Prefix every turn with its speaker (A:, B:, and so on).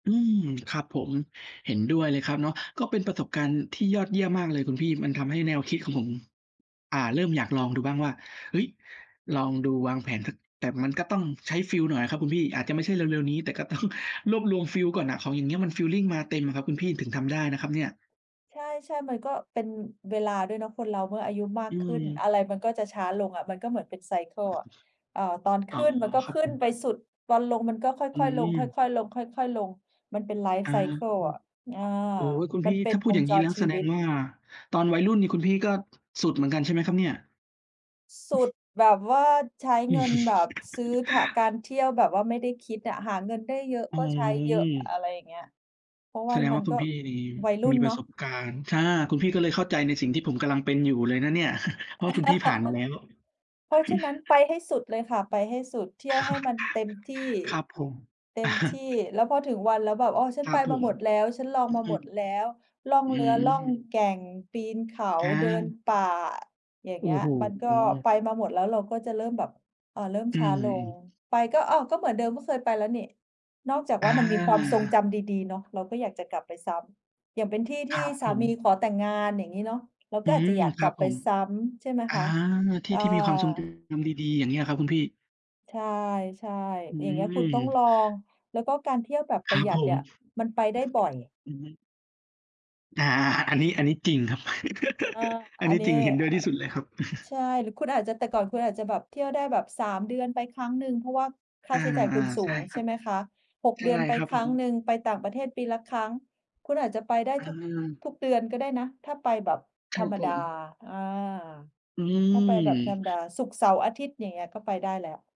A: อืม ครับผม เห็นด้วยเลยครับเนาะ ก็เป็นประสบการณ์ที่ยอดเยี่ยมมากเลยคุณพี่ มันทำให้แนวคิดของผม อ่า เริ่มอยากลองดูบ้างว่า เฮ้ย ลองดูวางแผนสัก แต่มันก็ต้องใช้ฟีลหน่อยอะครับคุณพี่ อาจจะไม่ใช่เร็ว ๆ นี้ แต่ก็ ต้อง รวบรวมฟีลก่อนน่ะ ของอย่างเงี้ยมันฟีลลิงมาเต็มอะครับคุณพี่ ถึงทำได้นะครับเนี่ย
B: ใช่ ๆ มันก็เป็นเวลาด้วยเนาะ คนเราเมื่ออายุมา
A: อื
B: กขึ้น
A: ม
B: อะไรมันก็จะช้าลงอะ มันก็เหมือนเป็น ไซเกิล อะ เอ่อ ตอนข
A: อ๋อ
B: ึ้นมันก็
A: ครั
B: ข
A: บ
B: ึ้
A: ผ
B: นไ
A: ม
B: ปสุด ตอนลงมันก็ค
A: อื
B: ่อย ๆ ลง ค
A: ม
B: ่อย ๆ ลง ค่อย ๆ ลง มันเป็น ไลฟ
A: อ
B: ์
A: า
B: ไซเกิล อะ อา
A: โอ๊ย คุณ
B: มั
A: พี่
B: นเป็
A: ถ้
B: น
A: าพู
B: ว
A: ดอ
B: ง
A: ย่างง
B: จ
A: ี้แ
B: ร
A: ล้ว
B: ช
A: แ
B: ี
A: สด
B: วิ
A: ง
B: ต
A: ว่า ตอนวัยรุ่นนี่คุณพี่ก็ สุดเหมือนกันใช่ไหมครับเนี่ย?
B: สุดแบบว่าใช้เงินแบบซื้อถะ การเที่ยวแบบว่าไม่ได้คิดอะ หาเงินได้เยอะ
A: อ๋
B: ก็ใช้เยอะ
A: อ
B: อะไรอย่างเงี้ย เพราะว
A: แ
B: ่
A: ส
B: า
A: ดง
B: มั
A: ว่
B: น
A: า คุ
B: ก็
A: ณพี่นี่
B: วัยรุ่
A: มี
B: น
A: ป
B: เน
A: ร
B: า
A: ะ
B: ะ
A: สบการณ์ ช่า คุณพี่ก็เลยเ
B: อ
A: ข้
B: ื
A: า
B: ม
A: ใจในสิ่งที่ผมกำลังเป็นอยู่เลยนะเนี่ย เพราะว่าคุณพี่ผ่านมาแล้ว
B: เพราะฉะนั้น ไปให้สุดเลยค่ะ ไปให้สุด เที่ยวให้มันเต็มที่
A: ครับผม
B: เต็มที่ แล้วพอถึงวันแล้วแบบ "อ๋อ ฉั
A: ค
B: น
A: ร
B: ไ
A: ั
B: ป
A: บผ
B: มา
A: ม
B: หมดแล้ว ฉันลอง
A: อ
B: มา
A: อื
B: หม
A: อ
B: ดแล้ว ล่อง
A: อื
B: เรือ ล่อง
A: ม
B: แก่ง ปีนเขา
A: คร
B: เดิน
A: ับ
B: ป่า" อย่าง
A: โอ
B: เ
A: ้
B: งี้ย
A: โฮ
B: มันก
A: เอ
B: ็
A: อ
B: ไปมาหมดแล้ว เราก็จะเริ่มแบบ เอ่อ เริ่ม
A: อื
B: ช้าลง
A: ม ๆ
B: ไปก็ "อ้าว ก็เหมือนเดิม ก็เคยไปแล้วนี่" นอกจาก
A: อ
B: ว่า มันมีความทรง
A: า
B: จำดี ๆ เนาะ เราก็อยากจะกลับไปซ้ำ อย่างเป็นที่ท
A: คร
B: ี่
A: ับ
B: ส
A: ผ
B: า
A: ม
B: มีขอแต่งงาน อย่างงี้เนาะ เรา
A: อ
B: ก
A: ื
B: ็อาจจะ
A: ม
B: อยาก
A: ค
B: ก
A: รั
B: ลั
A: บ
B: บไ
A: ผ
B: ป
A: ม
B: ซ้ำใช่ไหม
A: อ
B: ค
A: า
B: ะ
A: ที่
B: อา
A: ที่มีความทรงจำดี ๆ อย่างเงี้ย เหรอครับคุณพี่?
B: ใช่
A: อื
B: ๆ อย่างเงี้ย คุณต้องล
A: ม
B: อง แล้วก็การเที่ยวแบบป
A: ค
B: ร
A: รั
B: ะห
A: บ
B: ยัด
A: ผ
B: เนี่
A: ม
B: ยมันไปได้บ่อย
A: อือฮึ อา ๆ อะ อันนี้ อันนี้จริงครับ
B: อา
A: อัน
B: อั
A: นี
B: น
A: ้
B: นี้
A: จริง เห็นด
B: อ
A: ้
B: ื
A: วยที
B: อ
A: ่สุดเลยครับ
B: ใช่ หรือคุณอาจจะ แต่ก่อนคุณอาจจะแบบเที่ยวได้แบบ 3 เดือนไปครั้งหนึ่ง เพราะว่าค่
A: อ
B: า
A: า
B: ใช้จ่ายคุณสู
A: ๆ ใช่
B: ง
A: ค
B: ใช
A: ร
B: ่
A: ับ
B: ไหมคะ 6
A: ใช
B: เด
A: ่
B: ือนไป
A: ครับ
B: ค
A: ผ
B: รั้ง
A: ม
B: หนึ่ง ไปต่างประเทศปีละครั้ง คุณอาจจะไปได้
A: อ
B: ทุก
A: า
B: ทุกเดือนก็ได้นะ ถ้าไปแบบ
A: ค
B: ธ
A: ร
B: ร
A: ับ
B: รม
A: ผ
B: ดา
A: ม
B: อา
A: อื
B: ถ้าไปแบบธร
A: ม
B: รมดา ศุกร์-เสาร์-อาทิตย์ อย่างเงี้ย ก็ไปได้แล้ว